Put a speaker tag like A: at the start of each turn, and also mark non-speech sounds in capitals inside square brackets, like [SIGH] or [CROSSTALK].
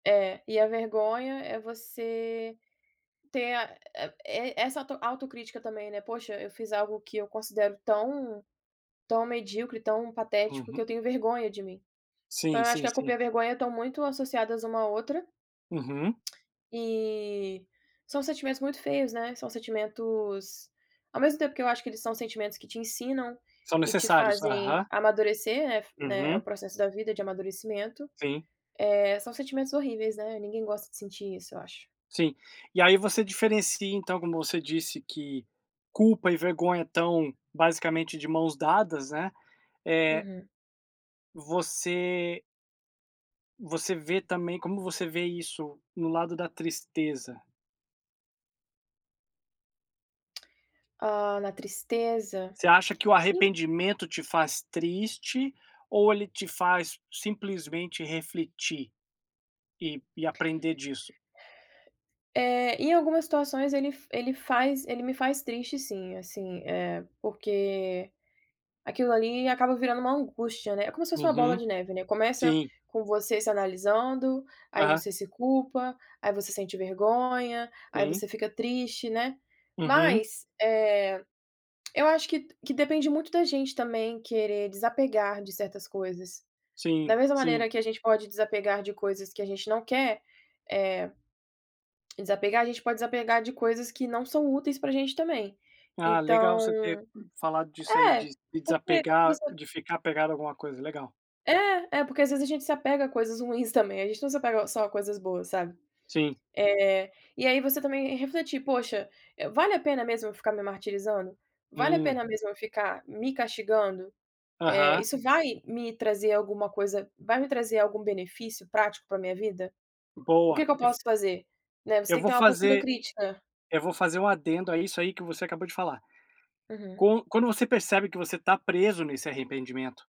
A: É, e a vergonha é você ter, a é é essa auto autocrítica também, né: "Poxa, eu fiz algo que eu considero tão tão medíocre, tão patético que
B: Uhum.
A: eu tenho vergonha de mim." Então
B: Sim,
A: eu acho que
B: sim,
A: a culpa e
B: sim.
A: a vergonha estão muito associadas uma à outra.
B: Uhum.
A: E são sentimentos muito feios, né? São sentimentos, ao mesmo tempo que eu acho que eles são sentimentos que te ensinam
B: São
A: e te
B: necessários. Aham.
A: fazem amadurecer, é né, o
B: Uhum.
A: processo da vida de amadurecimento,
B: Sim.
A: eh, são sentimentos horríveis, né, ninguém gosta de sentir isso, eu acho.
B: Sim. E aí você diferencia então, como você disse, que culpa e vergonha estão basicamente de mãos dadas, né? Eh
A: Uhum.
B: Você você vê também como você vê isso, no lado da tristeza?
A: Hã, na tristeza,
B: Você acha que o
A: en
B: arrependimento te faz triste ou ele te faz simplesmente refletir, e e aprender disso?
A: [BREATH] Eh, em algumas situações ele ele faz ele me faz triste sim, assim, eh, porque aquilo ali acaba virando uma angústia, né? Como se fosse uma bola
B: Uhum.
A: de neve, né? Começa
B: Sim.
A: com você se analisando, aí
B: Aham.
A: você se culpa, aí você sente vergonha, aí
B: Sim.
A: você fica triste, né?
B: Uhum.
A: Mas, eh, eu acho que que depende muito da gente também querer desapegar de certas coisas.
B: Sim,
A: Da mesma
B: sim.
A: maneira que a gente pode desapegar de coisas que a gente não quer, eh, desapegar, a gente pode desapegar de coisas que não são úteis pra gente também.
B: Ah, legal
A: Então
B: você ter falado disso aí de
A: é,
B: de
A: porque
B: desapegar,
A: você
B: de ficar apegado a alguma coisa, legal.
A: É. É porque às vezes a gente se apega a coisas ruins também. A gente não se apega só a coisas boas, sabe?
B: Sim.
A: Eh, e aí você também é refletir: "Poxa, vale a pena mesmo eu ficar me martirizando? Vale a
B: Hum.
A: pena mesmo eu ficar me castigando? Eh,
B: Aham.
A: isso vai me trazer alguma coisa vai me trazer algum benefício prático pra minha vida? O que
B: Boa!
A: que eu
B: Eu f
A: posso fazer?" Né, você
B: eu
A: tem que
B: vou
A: ter uma postura
B: fazer
A: crítica.
B: eu vou fazer um adendo a isso aí que você acabou de falar.
A: Uhum.
B: Con Quando você percebe que você tá preso nesse arrependimento?